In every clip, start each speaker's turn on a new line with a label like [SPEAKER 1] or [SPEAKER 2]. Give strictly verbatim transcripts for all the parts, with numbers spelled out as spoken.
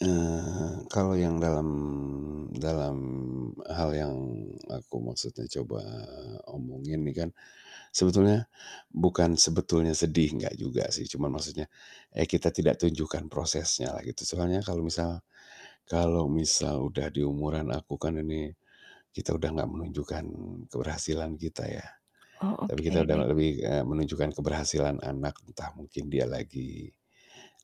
[SPEAKER 1] Eee, kalau yang dalam dalam, eee, hal yang aku maksudnya coba, eee, omongin nih kan, sebetulnya bukan sebetulnya sedih, enggak juga sih. Cuma maksudnya, eee, kita tidak tunjukkan prosesnya lah gitu. Soalnya kalau misal kalau misal udah di umuran aku, kan ini kita udah enggak menunjukkan keberhasilan kita, ya.
[SPEAKER 2] Oh
[SPEAKER 1] Tapi kita udah,
[SPEAKER 2] oke.
[SPEAKER 1] lebih, eee, menunjukkan keberhasilan anak, entah mungkin dia lagi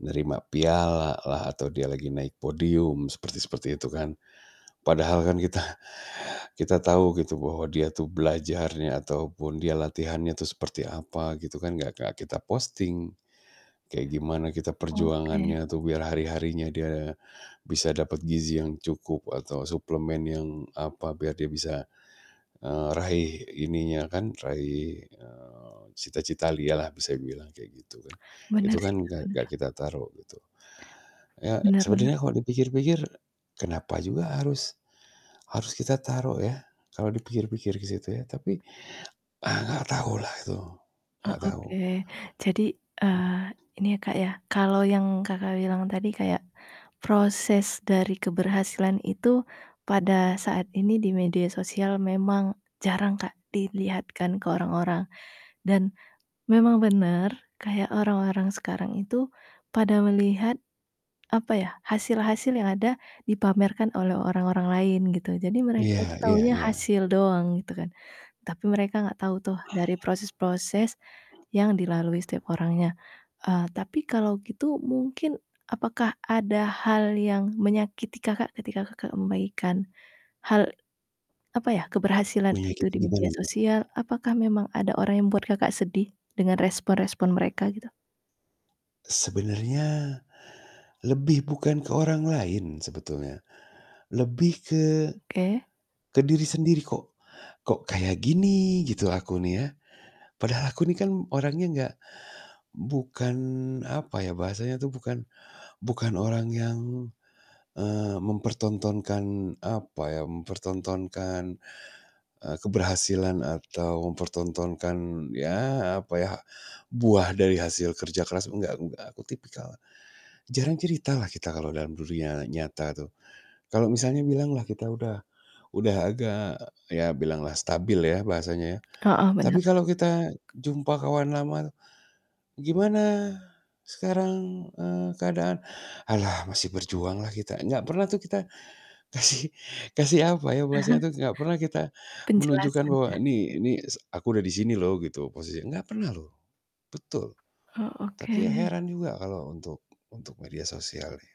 [SPEAKER 1] nerima piala lah, atau dia lagi naik podium, seperti seperti itu kan. Padahal kan kita kita tahu bahwa dia tuh belajarnya ataupun dia latihannya tuh seperti apa gitu kan, gak ke kita posting. Kayak gimana kita
[SPEAKER 2] Oke.
[SPEAKER 1] perjuangannya, atau biar hari-harinya dia bisa dapat gizi yang cukup, atau suplemen yang apa, biar dia bisa, eee, raih ininya kan, raih, eee, cita-cita lia lah, bisa dibilang kayak gitu kan.
[SPEAKER 2] Benar
[SPEAKER 1] Itu
[SPEAKER 2] sih
[SPEAKER 1] kan
[SPEAKER 2] Kak,
[SPEAKER 1] gak gak
[SPEAKER 2] benar.
[SPEAKER 1] kita taruh gitu. Eee,
[SPEAKER 2] Bener bener.
[SPEAKER 1] sebenarnya kalau dipikir-pikir kenapa juga harus harus kita taruh ya, kalau dipikir-pikir ke situ ya. Tapi, eee, gak tau lah itu.
[SPEAKER 2] Oh
[SPEAKER 1] Gak
[SPEAKER 2] oke,
[SPEAKER 1] tau.
[SPEAKER 2] jadi,
[SPEAKER 1] Hmm.
[SPEAKER 2] eee, ini ya Kak, ya, kalau yang Kakak bilang tadi kayak proses dari keberhasilan itu pada saat ini di media sosial memang jarang Kak, dilihatkan ke orang-orang dan memang bener kayak orang-orang sekarang itu pada melihat apa ya, hasil-hasil yang ada dipamerkan oleh orang-orang lain gitu. Jadi mereka itu
[SPEAKER 1] Iya iya
[SPEAKER 2] taunya
[SPEAKER 1] iya.
[SPEAKER 2] hasil doang gitu kan. Tapi mereka enggak tahu tuh dari proses-proses
[SPEAKER 1] Mmm.
[SPEAKER 2] yang dilalui setiap orangnya. Eee, tapi kalau gitu mungkin apakah ada hal yang menyakiti Kakak ketika kakak membagikan, hal, apa ya, keberhasilan
[SPEAKER 1] Miliki
[SPEAKER 2] itu di
[SPEAKER 1] tuh gimana
[SPEAKER 2] media
[SPEAKER 1] nih?
[SPEAKER 2] sosial? Apakah memang ada orang yang membuat Kakak sedih dengan respon-respon mereka gitu?
[SPEAKER 1] Sebenarnya lebih bukan ke orang lain sebetulnya. Lebih ke
[SPEAKER 2] Oke.
[SPEAKER 1] ke diri sendiri kok. Kok kayak gini gitu aku nih ya. Padahal aku ini kan orangnya nggak bukan apa ya, bahasanya tuh bukan bukan orang yang, eee, mempertontonkan apa ya, mempertontonkan, eee, keberhasilan atau mempertontonkan ya apa ya, buah dari hasil kerja keras, gak gak, aku tipikal, jarang cerita lah kita kalau dalam dunia nyata tuh. Kalau misalnya bilang lah kita udah udah agak ya bilanglah stabil ya bahasanya.
[SPEAKER 2] Heeh,
[SPEAKER 1] Tapi
[SPEAKER 2] bener.
[SPEAKER 1] kalau kita jumpa kawan lama, "Gimana sekarang, eee, keadaan?" "Halah masih berjuang lah kita," gak pernah tuh kita kasih kasih apa ya, bahasanya tuh gak pernah kita menunjukkan
[SPEAKER 2] Penjelasan
[SPEAKER 1] bahwa
[SPEAKER 2] ya?
[SPEAKER 1] "Ini ini s aku udah di sini loh," gitu, "posisinya," gak pernah loh. Betul,
[SPEAKER 2] Oh oke.
[SPEAKER 1] tapi ya heran juga kalau untuk untuk media sosial nih.